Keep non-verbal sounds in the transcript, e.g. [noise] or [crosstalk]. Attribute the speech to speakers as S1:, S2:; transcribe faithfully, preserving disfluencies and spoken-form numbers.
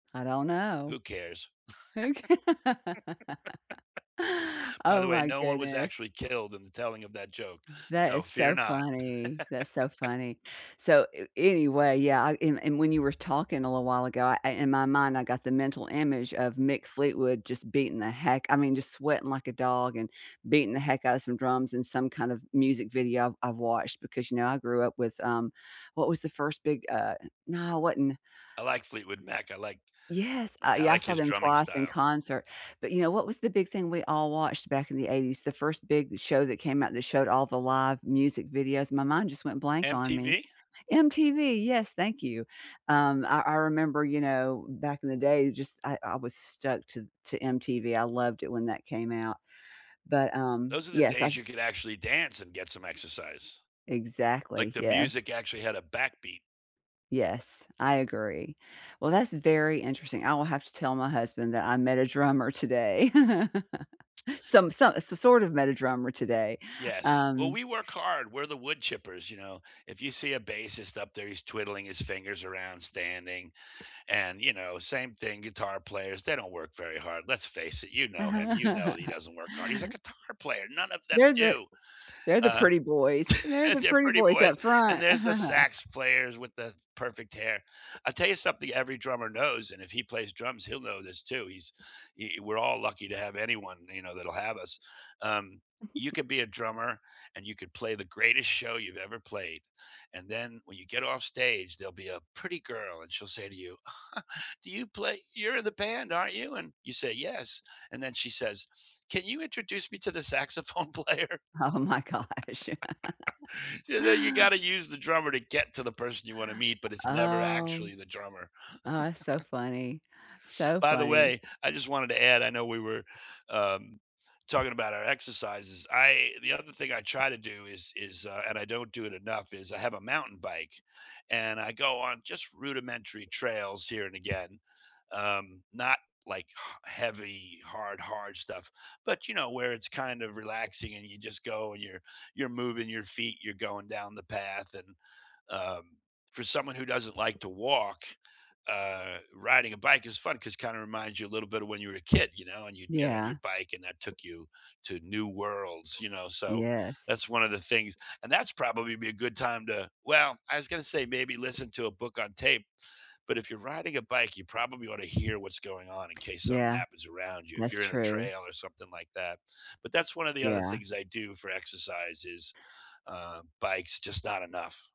S1: I don't
S2: Who
S1: know.
S2: cares?
S1: Oka
S2: [laughs] By the
S1: Oh
S2: way,
S1: my
S2: no one was
S1: goodness.
S2: actually killed in the telling of that joke,
S1: That
S2: so,
S1: is
S2: fear
S1: so
S2: not.
S1: funny. That's so
S2: [laughs]
S1: funny. So a anyway, yeah, I and and when you were talking a little while ago, I in my mind, I got the mental image of Mick Fleetwood just beating the heck I mean, just sweating like a dog and beating the heck out of some drums and some kind of music video I've I've watched because, you know, I grew up with, um what was the first big, uh no, it wasn't
S2: I like Fleetwood Mac, I like
S1: Yes, I
S2: eh, I
S1: yeah, I
S2: like
S1: saw
S2: his
S1: them
S2: drumming
S1: twice in
S2: style.
S1: concert, but you know what was the big thing we all watched back in the eighties? The first big show that came out that showed all the live music videos my mind just went blank on me.
S2: M-T-V?
S1: M-T-V, yes, thank you. Um, I I remember, you know, back in the day, just, I I was stuck to to M-T-V. I loved it when that came out, but, um,
S2: Those are the
S1: yes, I
S2: days
S1: s
S2: you could actually dance and get some exercise. Like
S1: Exactly,
S2: the
S1: yes.
S2: music actually had a backbeat.
S1: Yes, I agree. Well, that's very interesting. I will have to tell my husband that I met a drummer today. [chuckles] Some so s sort of met a drummer today,
S2: Yes. Well,
S1: um
S2: we work hard. We're the woodchippers, you know. If you see a bassist up there, he's twiddling his fingers around, standing, and, you know, same thing, guitar players, they don't work very hard. Let's face it, you know him. You know
S1: Uh-huh.
S2: he
S1: [laughs]
S2: doesn't work hard. He's a guitar player. None of them
S1: They're the
S2: do.
S1: they're the
S2: Uh,
S1: pretty boys.
S2: [scoffs]
S1: They're
S2: and
S1: the
S2: they're
S1: pretty
S2: pretty
S1: boys
S2: boys,
S1: up
S2: and
S1: front. [laughs]
S2: there's the sax players with the perfect hair. I'll tell you something, every drummer knows, and if he plays drums, he'll know this too. He's, y we're all lucky to have anyone, you know, that'll have us. Um, you
S1: [giggles]
S2: could be a drummer, and you could play the greatest show you've ever played, and then when you get off stage, there'll be a pretty girl, and she'll say to you, [chuckles] "Do you play you're in the band, aren't you?" And you say, "Yes." And then she says, "Can you introduce me to the saxophone player?" [laughs]
S1: Oh my gosh. [laughs]
S2: So now you gotta use the drummer to get to the person you wanna meet, but it's never
S1: Oh.
S2: actually the drummer.
S1: Oh, that's so
S2: [chuckles]
S1: funny, so
S2: By the
S1: funny.
S2: way, I just wanted to add, I know we were um talking about our exercises. I the other thing I try to do is is, uh and I don't do it enough is I have a mountain bike and I go on just rudimentary trails here and again, um, not like ha heavy, hard, hard stuff, but, you know, where it's kind of relaxing and you just go and you're you're moving your feet, you're going down the path and um, for someone who doesn't like to walk, uh, riding a bike is fun 'cause it kind of reminds you a little bit of when you were a kid, you know, and you'd get on your
S1: Yeah.
S2: bike and that took you to new worlds, you know, so
S1: Yes.
S2: that's one of the things and that's probably be a good time to well, I was gonna say maybe listen to a book on tape, but if you're riding a bike, you probably ought to hear what's going on in case something
S1: Yeah,
S2: happens around you, if
S1: that's
S2: you're in a
S1: true.
S2: trail or something like that. But that's one of the other
S1: Yeah.
S2: things I do for exercise, is, uh, bikes just not enough.